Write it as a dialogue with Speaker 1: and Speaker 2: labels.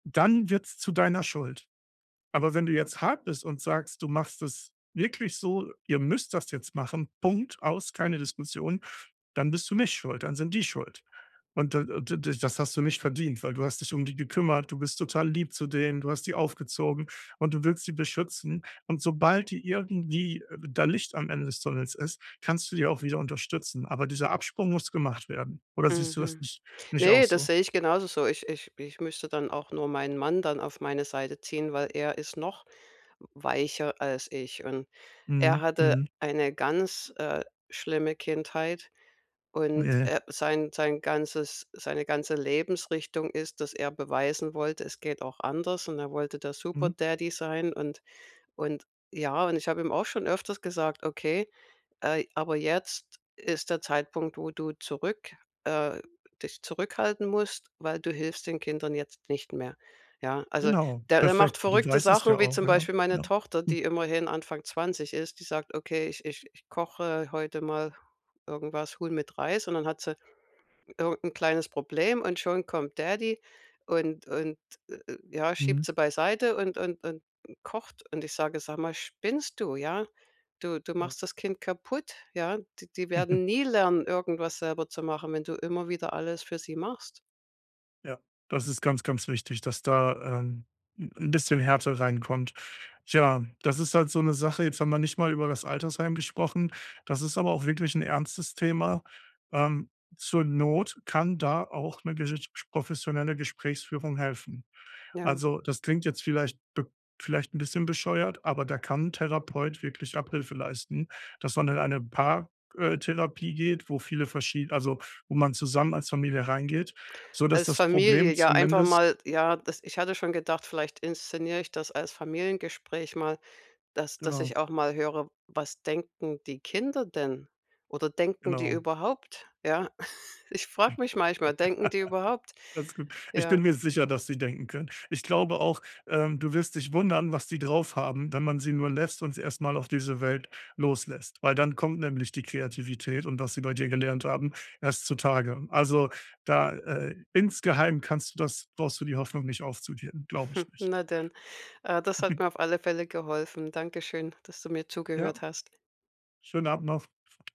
Speaker 1: Dann wird's zu deiner Schuld. Aber wenn du jetzt hart bist und sagst, du machst es wirklich so, ihr müsst das jetzt machen, Punkt, aus, keine Diskussion, dann bist du nicht schuld, dann sind die schuld. Und d d d das hast du nicht verdient, weil du hast dich um die gekümmert, du bist total lieb zu denen, du hast die aufgezogen und du willst sie beschützen und sobald die irgendwie da Licht am Ende des Tunnels ist, kannst du die auch wieder unterstützen, aber dieser Absprung muss gemacht werden oder siehst
Speaker 2: Mhm,
Speaker 1: du das
Speaker 2: mhm.
Speaker 1: nicht nicht auch
Speaker 2: Ne, das
Speaker 1: so?
Speaker 2: sehe ich genauso so. Ich ich ich müsste dann auch nur meinen Mann dann auf meine Seite ziehen, weil er ist noch weicher als ich. Und
Speaker 1: Mhm,
Speaker 2: er hatte
Speaker 1: mhm.
Speaker 2: eine ganz, äh, schlimme Kindheit und,
Speaker 1: Ja.
Speaker 2: äh, sein sein ganzes seine ganze Lebensrichtung ist, dass er beweisen wollte: „Es geht auch anders.“ Und er wollte der super
Speaker 1: Mhm.
Speaker 2: Daddy sein und und ja, und ich hab ihm auch schon öfters gesagt: „Okay, äh aber jetzt ist der Zeitpunkt, wo du zurück äh, dich zurück äh dich zurückhalten musst, weil du hilfst den Kindern jetzt nicht mehr.“ Ja, also
Speaker 1: Genau,
Speaker 2: der der macht
Speaker 1: perfekt. du
Speaker 2: verrückte
Speaker 1: weißt es ja
Speaker 2: Sachen wie
Speaker 1: auch,
Speaker 2: zum
Speaker 1: ja,
Speaker 2: Beispiel meine
Speaker 1: ja.
Speaker 2: Tochter, die immerhin Anfang 20 ist, die sagt: „Okay, ich ich ich koche heute mal irgendwas Huhn mit Reis.“ Und dann hat sie irgend 'n kleines Problem und schon kommt Daddy und und ja,
Speaker 1: Mhm.
Speaker 2: schiebt sie beiseite und und und kocht. Und ich sage: „Sag mal, spinnst du, ja? Du du
Speaker 1: Ja.
Speaker 2: machst das Kind kaputt, ja? D die werden nie lernen, irgendwas selber zu machen, wenn du immer wieder alles für sie machst.“
Speaker 1: Ja, das ist ganz, ganz wichtig, dass da, ähm, 'n bisschen Härte reinkommt. Tja, das ist halt so 'ne Sache, jetzt haben wir nicht mal über das Altersheim gesprochen, das ist aber auch wirklich 'n ernstes Thema. Ähm, zur Not kann da auch ne gesitsch professionelle Gesprächsführung helfen.
Speaker 2: Ja.
Speaker 1: Also, das klingt jetzt vielleicht b vielleicht 'n bisschen bescheuert, aber da kann 'n Therapeut wirklich Abhilfe leisten, dass man in eine Paar äh, Therapie geht, wo viele verschie also wo man zusammen als Familie reingeht, sodass
Speaker 2: Als
Speaker 1: das
Speaker 2: Familie
Speaker 1: Problem
Speaker 2: ja einfach
Speaker 1: zumindest
Speaker 2: mal, ja, das ich hatte schon gedacht, vielleicht inszeniere ich das als Familiengespräch mal, dass dass
Speaker 1: Genau.
Speaker 2: ich auch mal höre: „Was denken die Kinder denn? Oder denken die
Speaker 1: Genau.
Speaker 2: überhaupt“, ja? Ich frage mich manchmal: „Denken die überhaupt?“
Speaker 1: Alles gut. Ich bin
Speaker 2: Ja.
Speaker 1: mir sicher, dass sie denken können. Ich glaube auch, ähm du wirst dich wundern, was die draufhaben, wenn man sie nur lässt und sie erst mal auf diese Welt loslässt, weil dann kommt nämlich die Kreativität und was sie bei dir gelernt haben, erst zutage. Also da, äh, insgeheim kannst du das brauchst du die Hoffnung nicht aufzugeben, glaube ich nicht.
Speaker 2: Na denn, äh, das hat mir auf alle Fälle geholfen. Dankeschön, dass du mir
Speaker 1: Ja, schönen Abend
Speaker 2: zugehört
Speaker 1: noch.
Speaker 2: hast.
Speaker 1: Schönen Abend noch.